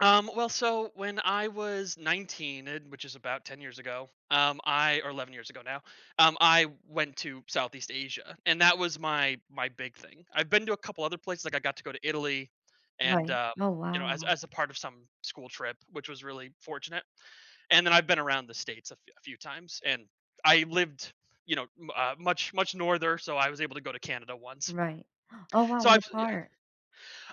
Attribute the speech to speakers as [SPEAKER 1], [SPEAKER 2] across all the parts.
[SPEAKER 1] Um, well, so, when I was 19, eh, which is about 10 years ago, um, I or 11 years ago now, um, I went to Southeast Asia, and that was my my big thing. I've been to a couple of other places, like, I got to go to Italy and,
[SPEAKER 2] Right.
[SPEAKER 1] um
[SPEAKER 2] Oh,
[SPEAKER 1] you know, as
[SPEAKER 2] wow.
[SPEAKER 1] as a part of some school trip, which was really fortunate, and then I've been around the states a f a few times, and I lived, you know, n uh, much, much norther, so I was able to go to Canada once.
[SPEAKER 2] Right. Oh wow,
[SPEAKER 1] So I've
[SPEAKER 2] what
[SPEAKER 1] yeah.
[SPEAKER 2] part?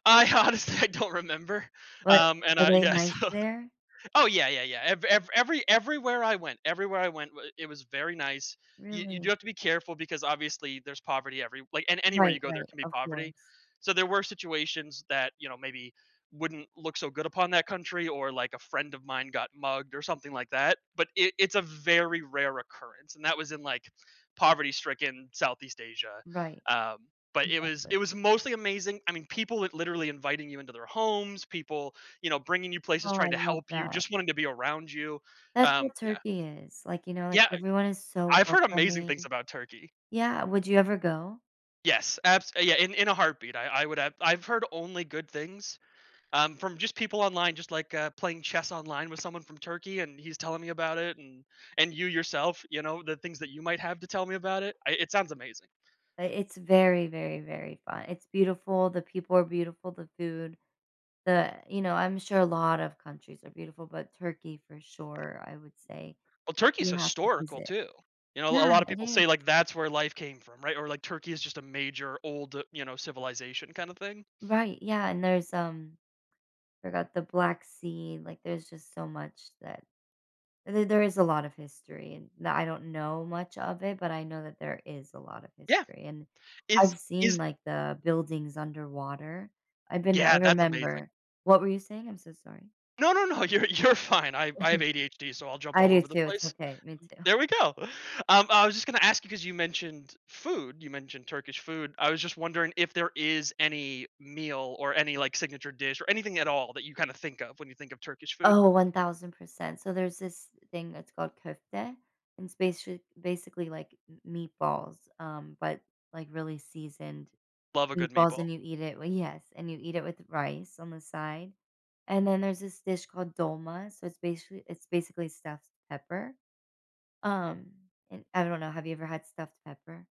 [SPEAKER 1] I honestly, I don't remember,
[SPEAKER 2] But
[SPEAKER 1] um, and,
[SPEAKER 2] are
[SPEAKER 1] uh,
[SPEAKER 2] they
[SPEAKER 1] yeah,
[SPEAKER 2] nice
[SPEAKER 1] so
[SPEAKER 2] there?
[SPEAKER 1] oh yeah, yeah, yeah, ev ev every everywhere I went everywhere I went, w it was very nice. You you do
[SPEAKER 2] Really?
[SPEAKER 1] have to be careful, because obviously, there's poverty everywh like, and anywhere
[SPEAKER 2] Right,
[SPEAKER 1] you go, there
[SPEAKER 2] right,
[SPEAKER 1] can be
[SPEAKER 2] of
[SPEAKER 1] poverty,
[SPEAKER 2] course.
[SPEAKER 1] so there were situations that, you know, maybe wouldn't look so good upon that country, or. like, a friend of mine got mugged or something like that, but it it's a very rare occurrence, and that was in, like, poverty-stricken Southeast Asia.
[SPEAKER 2] Right.
[SPEAKER 1] Um, but it was
[SPEAKER 2] Exactly.
[SPEAKER 1] it was mostly amazing, I mean, people li literally inviting you into their homes, people, you know, bringing you places,
[SPEAKER 2] Oh, I
[SPEAKER 1] trying to
[SPEAKER 2] love
[SPEAKER 1] help you,
[SPEAKER 2] that.
[SPEAKER 1] just wanting to be around you.
[SPEAKER 2] That's
[SPEAKER 1] Um,
[SPEAKER 2] what
[SPEAKER 1] yeah.
[SPEAKER 2] Turkey is. Like, you know, like,
[SPEAKER 1] Yeah,
[SPEAKER 2] everyone is
[SPEAKER 1] I
[SPEAKER 2] so
[SPEAKER 1] I've heard amazing
[SPEAKER 2] welcoming
[SPEAKER 1] things about Turkey.
[SPEAKER 2] Yeah, would you ever go?
[SPEAKER 1] Yes, abs yeah, in in a heartbeat, I I would have I've heard only good things, um, from just people online, just, like, uh, playing chess online with someone from Turkey and he's telling me about it, and and you yourself, you know, the things that you might have to tell me about it. I it sounds amazing.
[SPEAKER 2] But it's very, very, very fun it's beautiful, the people are beautiful, the food, the you know, I'm sure a lot of countries are beautiful, but Turkey, for sure, I would say
[SPEAKER 1] Well, Turkey's
[SPEAKER 2] you have to
[SPEAKER 1] historical
[SPEAKER 2] visit.
[SPEAKER 1] too. You know,
[SPEAKER 2] Yeah,
[SPEAKER 1] a l a lot of
[SPEAKER 2] it
[SPEAKER 1] people
[SPEAKER 2] is.
[SPEAKER 1] say, like, that's where life came from, right? Or, like, Turkey is just a major, old, you know, civilization kinda thing.
[SPEAKER 2] Right, yeah, and there's, um forgot the Black Sea, like, there's just so much that th there is a lot of history, and the I don't know much of it, but I know that there is a lot of
[SPEAKER 1] Yeah.
[SPEAKER 2] history, and
[SPEAKER 1] Is
[SPEAKER 2] I've seen,
[SPEAKER 1] is
[SPEAKER 2] like, the buildings underwater. I've been
[SPEAKER 1] Yeah,
[SPEAKER 2] I
[SPEAKER 1] that's amazing.
[SPEAKER 2] remember What were you saying? I'm so sorry.
[SPEAKER 1] No, no, no, you're, you're fine, I I have ADHD, so I'll jump
[SPEAKER 2] I
[SPEAKER 1] all
[SPEAKER 2] do
[SPEAKER 1] over the
[SPEAKER 2] too, it's
[SPEAKER 1] place.
[SPEAKER 2] okay. Me too.
[SPEAKER 1] There we go. Um, I was just gonna ask you, 'cause you mentioned food, you mentioned Turkish food, I was just wondering if there is any meal, or any, like, signature dish, or anything at all that you kinda think of when you think of Turkish food?
[SPEAKER 2] Oh, 1000%, so there's this thing that's called kofta, and it's basica basically like m meatballs, um, but like really seasoned
[SPEAKER 1] Love a good
[SPEAKER 2] meatballs,
[SPEAKER 1] meatball.
[SPEAKER 2] and you eat it well, yes, and you eat it with rice on the side. And then there's this dish called dolma, so it's basica it's basically stuffed pepper. Um, and I don't know, have you ever had stuffed pepper?